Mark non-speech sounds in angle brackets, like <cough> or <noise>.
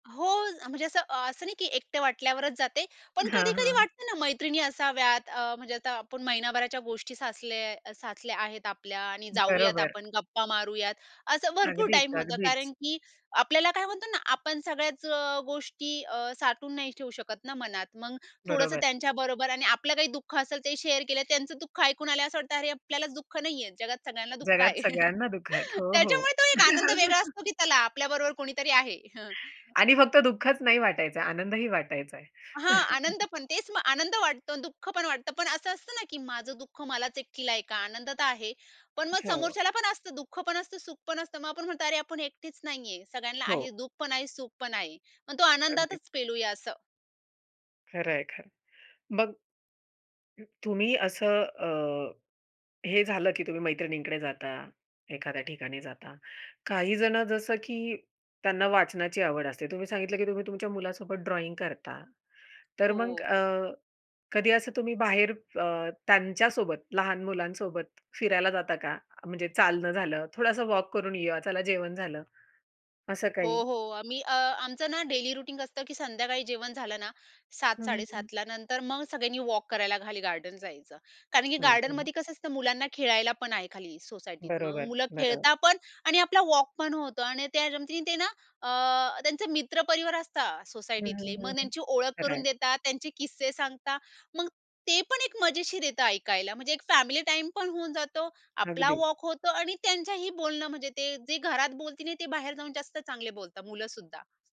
हो, म्हणजे असं अ, असं नाही की एकटे वाटल्यावरच जाते. पण हां, कधी-कधी हां. वाटतं ना मैत्रिणी असाव्यात अ, म्हणजे आता आपण महिनाभराच्या गोष्टी साचल्या साचल्या आहेत आपल्या आणि जाऊयात बरोबर. आपण गप्पा मारूयात. असं भरपूर अगदीच, टाईम होतं, अगदीच. कारण की आपल्याला काय म्हणतो ना आपण सगळ्याच अ, गोष्टी अ, साठवून नाही ठेवू शकत ना मनात. मग थोडंसं बरोबर. त्यांच्याबरोबर आणि आपलं काही दुःख असेल ते शेअर केलं त्यांचं दुःख ऐकून आल्या असं वाटतं, अरे आपल्यालाच दुःख नाहीये. जगात सगळ्यांना दुःख जगात आहे. सगळ्यांना दुःख आहेत. <chuckles> हो, हो. त्याच्यामुळे तो एक आनंद वेगळा असतो <chuckles> की चला आपल्याबरोबर कुणीतरी आहे. हं. आणि फक्त दुःखच नाही वाटायचा. आनंदही वाटायचाय. हां आनंद <chuckles> पण तेच आनंद वाटतो, दुःख पण वाटतं. पण असं असतंना की माझं दुःख मलाच एकटीला ऐका. आनंद तर आहे. पण मग हो. समोरच्याला पण असतं दुःख पण असतं सुख पण असतं. मग आपण म्हणतो अरे आपण एकटेच नाहीये. सगळ्यांना हो आहे दुःख पण आहे, सुख पण आहे. मग तो अगदीच. आनंदातच पेलूया असं. खरंय, खरंय. मग अ, तुम्ही असं अ, हे झालं की तुम्ही मैत्रिणींकडे जाता, एखाद्या ठिकाणी जाता. काही जणं जसं की त्यांना वाचनाची आवड असते. तुम्ही सांगितलं की तुम्ही तुमच्या मुलासोबत ड्रॉइंग करता. तर मग हो. अ, कधी असं तुम्ही बाहेर अ, त्यांच्यासोबत लहान मुलांसोबत फिरायला जाता का? म्हणजे चालणं झालं, थोडासा वॉक करून येऊ, चला जेवण झालं असं हो, काही? हो आम्ही अ, आमचं ना डेली रुटीन असतं की संध्याकाळी जेवण झालं ना, सात साडे <unintelligible> सातला नंतर मग सगळ्यांनी वॉक करायला खाली गार्डन जायचं. कारण की हं, हं. गार्डनमध्ये कसं असतं मुलांना खेळायला पण आहे खाली सोसायटीत. मग बरोबर, मुलं बरं खेळता पण आणि आपला वॉक पण होतं आणि त्या निमिते ना अ, त्यांचे मित्र परिवार असतात हं, सोसायटीतले हं, हं, मग हं. त्यांची ओळख खरं करून आहे. देतात. त्यांचे किस्से सांगतात. मग ते पण एक मजेशीर येत ऐकायला, म्हणजे एक फॅमिली टाईमपण होऊन जातो आपला अगदीच. वॉक होतो आणि त्यांच्याही बोलणं म्हणजे ते जे घरात बोलतील नाही ते बाहेर जाऊन जास्त चांगले बोलतात मुलं सुद्धा.